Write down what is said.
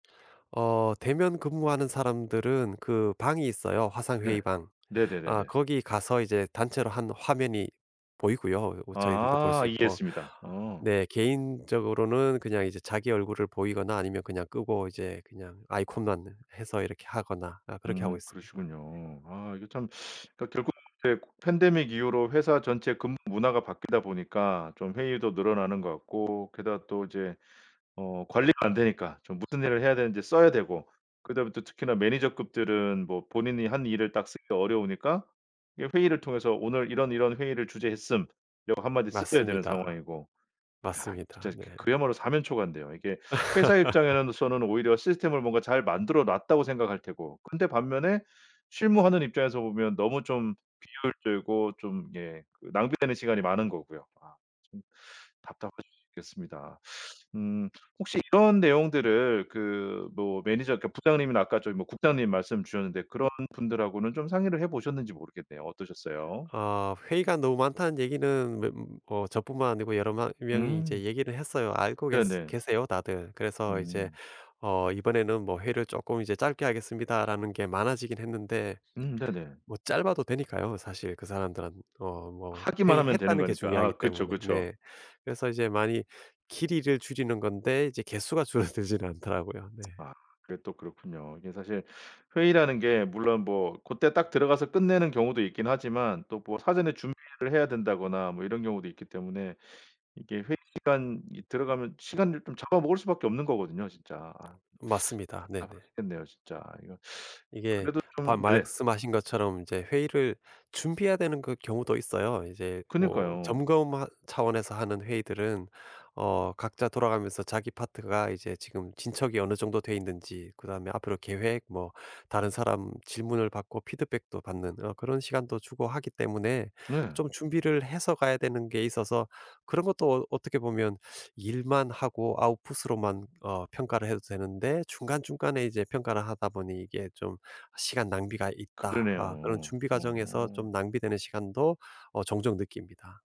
어 대면 근무하는 사람들은 그 방이 있어요, 화상 네. 회의방. 아 네네네네. 거기 가서 이제 단체로 1 화면이 보이고요, 어 저희들도 볼 아 수 있고. 이해했습니다. 어. 네 개인적으로는 그냥 이제 자기 얼굴을 보이거나 아니면 그냥 끄고 이제 그냥 아이콘만 해서 이렇게 하거나 아 그렇게 하고 음 있습니다. 네. 그러시군요. 아 이거 참 그러니까 결국 이게 팬데믹 이후로 회사 전체 근무 문화가 바뀌다 보니까 좀 회의도 늘어나는 것 같고 게다가 또 이제 어 관리가 안 되니까 좀 무슨 일을 해야 되는지 써야 되고 그다음에 또 특히나 매니저 급들은 뭐 본인이 한 일을 딱 쓰기가 어려우니까 이 회의를 통해서 "오늘 이런 이런 회의를 주재했음." 이거 한마디 쓰셔야 되는 맞습니다. 상황이고. 야 이거 진짜 맞습니다. 네. 그 그야말로 사면초가인데요. 이게 회사 입장에는 서는 오히려 '시스템을 뭔가 잘 만들어 놨다.'고 생각할 테고 근데 반면에 실무 하는 입장에서 보면 너무 좀 비효율적이고 좀 예 그 낭비되는 시간이 많은 거고요. 아 좀 답답하실 수 있겠습니다. 음 혹시 이런 내용들을 그 뭐 매니저 그러니까 부장님이나 아까 저기 뭐 국장님 말씀 주셨는데 그런 분들하고는 좀 상의를 해 보셨는지 모르겠네요. 어떠셨어요? 어 "회의가 너무 많다."는 얘기는 매 뭐 저뿐만 아니고 여러 마 명이 이제 음. 얘기를 해서요. 알고 계스 네네. 계세요, 다들. 그래서 이제 음. 어 이번에는 뭐 "회의를 쪼끔 이제 짧게 하겠습니다."라는 게 많아지긴 했는데 음 네네. 뭐 짧아도 되니까요. 사실 그 사람들은 어 뭐 하기만 하면 되는 회의했다는 게 거니까. 중요하기 아 그쵸, 때문에. 그쵸. 네. 그래서 이제 많이 길이를 줄이는 건데 이제 개수가 줄어들지는 않더라고요 네. 아 그게 또 그렇군요. 이게 사실 회의라는 게 물론 뭐 그때 딱 들어가서 끝내는 경우도 있긴 하지만 또 뭐 사전에 준비를 해야 된다거나 뭐 이런 경우도 있기 때문에 이게 회의 시간이 들어가면 시간을 좀 잡아먹을 수밖에 없는 거거든요, 진짜. 아. 맞습니다. 네네. 답답하시겠네요, 진짜. 이거 이게 그래도 바 좀 네. 말씀하신 것처럼 이제 회의를 준비해야 되는 그 경우도 있어요. 이제 뭐 그니까요. 점검 하 차원에서 하는 회의들은 어 각자 돌아가면서 자기 파트가 이제 지금 진척이 어느 정도 돼 있는지 그다음에 앞으로 계획 뭐 다른 사람 질문을 받고 피드백도 받는 어 그런 시간도 주고 하기 때문에 네. 좀 준비를 해서 가야 되는 게 있어서 그런 것도 어 어떻게 보면 일만 하고 아웃풋 으로만 어 평가를 해도 되는데 중간중간에 이제 평가를 하다 보니 '이게 좀 시간 낭비가 있다.' 아 그런 그러네요. 준비 과정에서 어. 좀 낭비되는 시간도 어 종종 느낍니다.